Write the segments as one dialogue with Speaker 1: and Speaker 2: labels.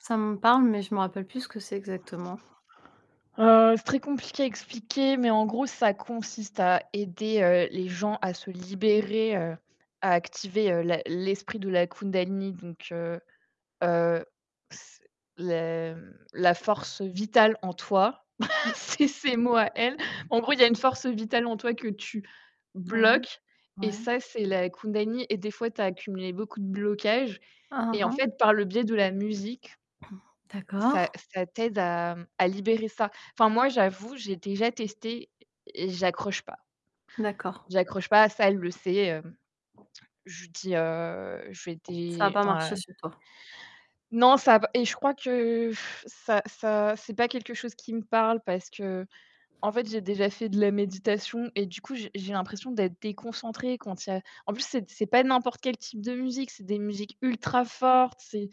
Speaker 1: Ça me parle, mais je me rappelle plus ce que c'est exactement.
Speaker 2: Heu, c'est très compliqué à expliquer, mais en gros, ça consiste à aider, heu, les gens à se libérer, heu, à activer, heu, la l'esprit de la kundalini, donc heu heu, c les m la force vitale en toi,
Speaker 1: Mmh mh.
Speaker 2: c'est ses mots à elle. En gros, il y a une force vitale en toi que tu
Speaker 1: Ouais,
Speaker 2: bloques et
Speaker 1: ouais.
Speaker 2: ça, c'est la kundalini. et des fois, tu as accumulé beaucoup de blocages
Speaker 1: Hein,
Speaker 2: et
Speaker 1: hein,
Speaker 2: en
Speaker 1: hein.
Speaker 2: fait, par le biais de la musique
Speaker 1: D'accord.
Speaker 2: ça ça t'aide à, mmh, à libérer ça, enfin, moi, j'avoue, j'ai déjà testé et et j'accroche pas.
Speaker 1: D'accord.
Speaker 2: J'accroche pas à ça, elle le sait, hem, je lui dis, heu, je fais
Speaker 1: Ça a
Speaker 2: des
Speaker 1: pas
Speaker 2: enfin
Speaker 1: marché sur toi.
Speaker 2: Non, ça v et je crois que ça ça c'est pas quelque chose qui me parle parce qu'en fait, j'ai déjà fait de la méditation et du coup, j'ai j'ai l'impression d'être déconcentrée quand il y a en plus, c'est c'est pas n'importe quel type de musique, c'est des musiques ultra fortes, c'est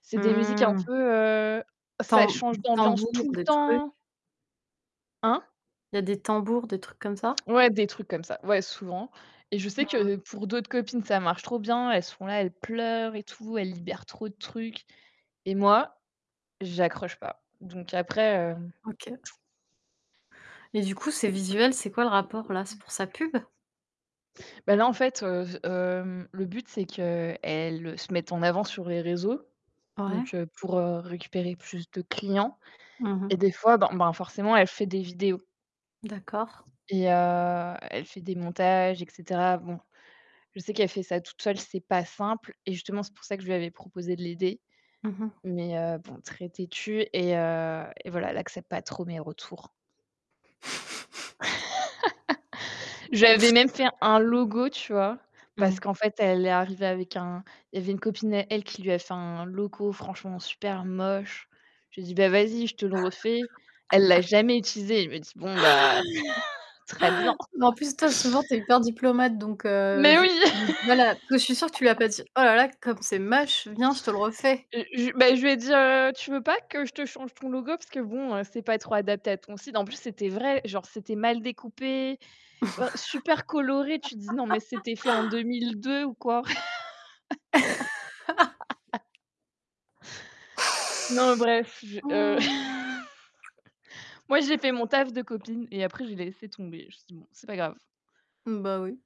Speaker 2: c'est
Speaker 1: Mmh
Speaker 2: des musiques un
Speaker 1: mh.
Speaker 2: peu, heu ça
Speaker 1: Tam
Speaker 2: change d'ambiance
Speaker 1: tambours,
Speaker 2: tout le
Speaker 1: des trucs?
Speaker 2: temps! Hein?
Speaker 1: Il y a des tambours, des trucs comme ça?
Speaker 2: Ouais, des trucs comme ça, ouais, souvent et je sais
Speaker 1: Mmh mh.
Speaker 2: que pour d'autres copines, ça marche trop bien, elles sont là, elles pleurent et tout, elles libèrent trop de trucs et moi, j'accroche pas donc après, heu
Speaker 1: OK et du coup ces visuels, c'est quoi le rapport là? C'est pour sa pub?
Speaker 2: Bah là en fait, heu, hem, le but, c'est qu'elles se mettent en avant sur les réseaux,
Speaker 1: Ouais.
Speaker 2: donc heu, pour, heu, récupérer plus de clients
Speaker 1: Mmh mh.
Speaker 2: et des fois, ben ben, forcément, elle fait des vidéos
Speaker 1: D'accord.
Speaker 2: et heu, elle fait des montages et cetera. Bon, je sais qu'elle fait ça toute seule, c'est pas simple et justement, c'est pour ça que je lui avais proposé de l'aider
Speaker 1: Mmh mh.
Speaker 2: mais heu, bon, très têtue et heu et voilà, elle accepte pas trop mes retours. J'avais même fait un logo, tu vois? Parce
Speaker 1: Mmh.
Speaker 2: qu'en fait, elle est arrivée avec un il y avait une copine à elle qui lui a fait un logo franchement super moche. J'ai dit: «Bah vas-y, je te le refais». Elle l'a jamais utilisé, elle me dit: «Bon, bah très bien!»
Speaker 1: Mais en plus, toi, souvent, tu es hyper diplomate donc heu,
Speaker 2: Mais
Speaker 1: je,
Speaker 2: oui!
Speaker 1: heu, voilà, parce que je suis sûre tu lui as pas dit: «Oh là là, comme c'est moche, viens, je te le refais».
Speaker 2: Heu, je bah je lui ai dit, heu: «Tu veux pas que je te change ton logo? Parce que bon, heu, c'est pas trop adapté à ton site». En plus, c'était vrai, genre c'était mal découpé, heu, super coloré, tu dis: «Non, mais c'était fait en 2002 ou quoi?» Non, bref, je, heu
Speaker 1: Mmh!
Speaker 2: moi, j'ai fait mon taf de copine et après, je l'ai laissée tomber, justement, c'est pas grave!
Speaker 1: Mmh, bah oui.